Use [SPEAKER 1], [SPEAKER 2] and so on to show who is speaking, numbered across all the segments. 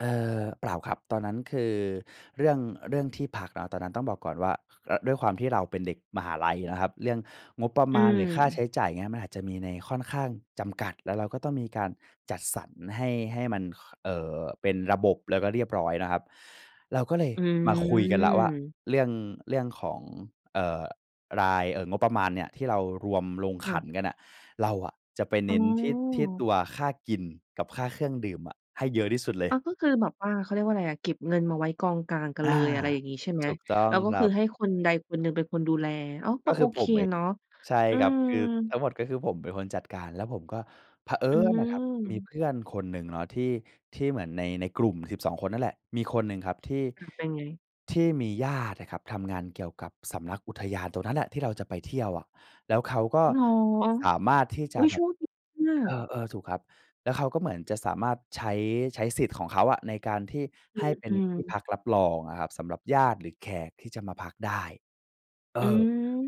[SPEAKER 1] เอ่อ เปล่าครับ ตอนนั้นคือเรื่อง เรื่องที่พักเนาะ ตอนนั้นต้องบอกก่อนว่า อ ด้วยความที่เราเป็นเด็กมหาลัยนะครับ เรื่องงบประ
[SPEAKER 2] อ
[SPEAKER 1] ม
[SPEAKER 2] ื
[SPEAKER 1] าณหรือค่าใช
[SPEAKER 2] ม
[SPEAKER 1] ้จ่าย เงี้ย มันอาจจะมีในค่อนข้างจำกัด และเราก็ต้องมีการจัดสรรให้ ให้มัน ค เอ่อ เป็นระบบ แล้วก็เรียบร้อยนะครับ เราก็เลย
[SPEAKER 2] อื
[SPEAKER 1] มาคุยกันแล้วว่า
[SPEAKER 2] ม
[SPEAKER 1] เรื่อง เรื่องของ เอ่อ ราย เอ่อ งบประมาณเนี่ยที่เรารวมลง
[SPEAKER 2] ค
[SPEAKER 1] ข
[SPEAKER 2] ่
[SPEAKER 1] ั
[SPEAKER 2] ะ
[SPEAKER 1] นกันน่ะ เราอะจะไปเน
[SPEAKER 2] อ๋
[SPEAKER 1] ้นที่ ที่
[SPEAKER 2] อ
[SPEAKER 1] ตัวค่ากินกับค่าเครื่องดื่มอะให้เยอะที่สุดเล
[SPEAKER 2] อ
[SPEAKER 1] ย
[SPEAKER 2] า ก็คือแบบว่า เขาเรียกว่าอะไรอะ เก็บเงินมาไว้กองกลางกั
[SPEAKER 1] อ
[SPEAKER 2] น
[SPEAKER 1] า
[SPEAKER 2] เลย อะไรอย่างงี้ใช่ไหม?
[SPEAKER 1] ถูกต้อ
[SPEAKER 2] แ
[SPEAKER 1] ง
[SPEAKER 2] ล้วก็
[SPEAKER 1] คร
[SPEAKER 2] ค
[SPEAKER 1] ั
[SPEAKER 2] ือ
[SPEAKER 1] บ
[SPEAKER 2] ให้คนใดคนหนึ่งเป็นคนดูแล อ้าว ก
[SPEAKER 1] ก
[SPEAKER 2] ็
[SPEAKER 1] ็ค
[SPEAKER 2] โอ
[SPEAKER 1] ือผ
[SPEAKER 2] เค
[SPEAKER 1] มเอง
[SPEAKER 2] เนาะ
[SPEAKER 1] ใช่
[SPEAKER 2] อื
[SPEAKER 1] ครับ
[SPEAKER 2] ม
[SPEAKER 1] คือทั้งหมดก็คือผมเป็นคนจัดการ แล้วผมก็ เผอิ
[SPEAKER 2] อื
[SPEAKER 1] ญน่ะครับ มี
[SPEAKER 2] ม
[SPEAKER 1] เพื่อนคนหนึ่งเนาะที่ ที่เหมือนใน ในกลุ่ม 12 คนนั่นแหละ มีคนหนึ่งครับที่
[SPEAKER 2] ค่ะ เป็นไง?
[SPEAKER 1] ที่มีญาติอะครับทำงานเกี่ยวกับสำนักอุทยานตรงนั้นแหละ ที่เราจะไปเที่ยวอะ แล้วเขาก็
[SPEAKER 2] เหรอ?
[SPEAKER 1] สามารถที่จ
[SPEAKER 2] อุ
[SPEAKER 1] ะ
[SPEAKER 2] ๊ย!
[SPEAKER 1] แบ
[SPEAKER 2] โช
[SPEAKER 1] บ
[SPEAKER 2] คดีมา
[SPEAKER 1] เอ
[SPEAKER 2] ก
[SPEAKER 1] อ ๆ ถูกครับ แล้วเขาก็เหมือนจะสามารถใช้ ใช้สิทธิ์ของเขาอะในการที่
[SPEAKER 2] อื
[SPEAKER 1] ให้
[SPEAKER 2] ม
[SPEAKER 1] เป็
[SPEAKER 2] อ
[SPEAKER 1] น
[SPEAKER 2] ื
[SPEAKER 1] ที่
[SPEAKER 2] ม
[SPEAKER 1] พักรับรองอะครับ สำหรับญาติหรือแขกที่จะมาพักได้ เออ
[SPEAKER 2] อื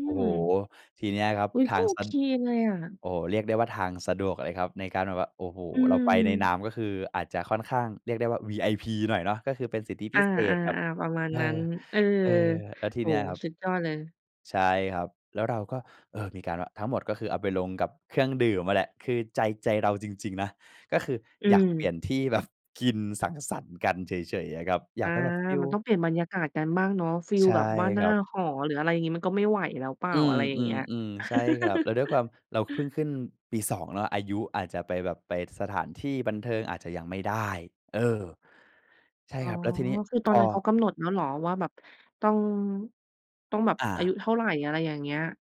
[SPEAKER 1] โอ้โฮ
[SPEAKER 2] ม
[SPEAKER 1] ทีเนี้ยครับ
[SPEAKER 2] อุ๊ย!
[SPEAKER 1] ท
[SPEAKER 2] ก็
[SPEAKER 1] าง
[SPEAKER 2] โอ
[SPEAKER 1] สะ
[SPEAKER 2] เคเลยอะ
[SPEAKER 1] โอ้โฮ เรียกได้ว่าทางสะดวกเลยครับ ในการแบบว่า โอ้โฮ
[SPEAKER 2] อื
[SPEAKER 1] เราไปในน
[SPEAKER 2] ม
[SPEAKER 1] ามก็คืออาจจะค่อนข้างเรียกได้ว่า VIP หน่อยเนาะ ก็คือเป็นสิทธิ
[SPEAKER 2] อ
[SPEAKER 1] พ
[SPEAKER 2] า
[SPEAKER 1] ิเศษแบบ
[SPEAKER 2] ๆ ๆ ประมาณ
[SPEAKER 1] เอ
[SPEAKER 2] นั้
[SPEAKER 1] อ
[SPEAKER 2] น เออ
[SPEAKER 1] เออ แล้วท
[SPEAKER 2] โ
[SPEAKER 1] ี
[SPEAKER 2] อ้
[SPEAKER 1] เนี้ย
[SPEAKER 2] โฮ
[SPEAKER 1] ครับ
[SPEAKER 2] สุดยอดเลย
[SPEAKER 1] ใช่ครับ แล้วเราก็ เออ มีการว่าทั้งหมดก็คือเอาไปลงกับเครื่องดื่มอะแหละ คือใจ ใจเราจริง ๆ นะ ก็คือ
[SPEAKER 2] อื
[SPEAKER 1] อยากเปลี่ย
[SPEAKER 2] ม
[SPEAKER 1] นที่ แบบ กินสังสรรค์กันเฉย ๆ อะครับ อย
[SPEAKER 2] อ
[SPEAKER 1] าก
[SPEAKER 2] า
[SPEAKER 1] ไปแบบฟี
[SPEAKER 2] มันต้
[SPEAKER 1] ล
[SPEAKER 2] องเปลี่ยนบรรยากาศกันบ้างเนาะ ฟิ
[SPEAKER 1] ใ
[SPEAKER 2] ล
[SPEAKER 1] ช่
[SPEAKER 2] แบบว่าห
[SPEAKER 1] ค
[SPEAKER 2] น้
[SPEAKER 1] ร
[SPEAKER 2] า
[SPEAKER 1] ับ
[SPEAKER 2] หอ หรืออะไรอย่างงี้ มันก็ไม่ไหวแล้วเปล่
[SPEAKER 1] อ
[SPEAKER 2] า
[SPEAKER 1] ื
[SPEAKER 2] อะไรอย่างเงี้ย
[SPEAKER 1] ม ๆ ๆ ใช่ครับ แล้วด้วยความ เราเพิ่งขึ้นปี 2 เนาะ อายุอาจจะไปแบบไปสถานที่บันเทิงอาจจะยังไม่ได้ เออ ใช่
[SPEAKER 2] อ๋อ
[SPEAKER 1] ครับ แล้วทีนี้
[SPEAKER 2] คือต
[SPEAKER 1] พ
[SPEAKER 2] อน
[SPEAKER 1] อ
[SPEAKER 2] นั้นเขากำหนดแล้วเหรอว่าแบบต้อง ต้องแบบ
[SPEAKER 1] อ
[SPEAKER 2] อาย
[SPEAKER 1] า
[SPEAKER 2] ุเท่าไร? อะไรอย่างเงี้ย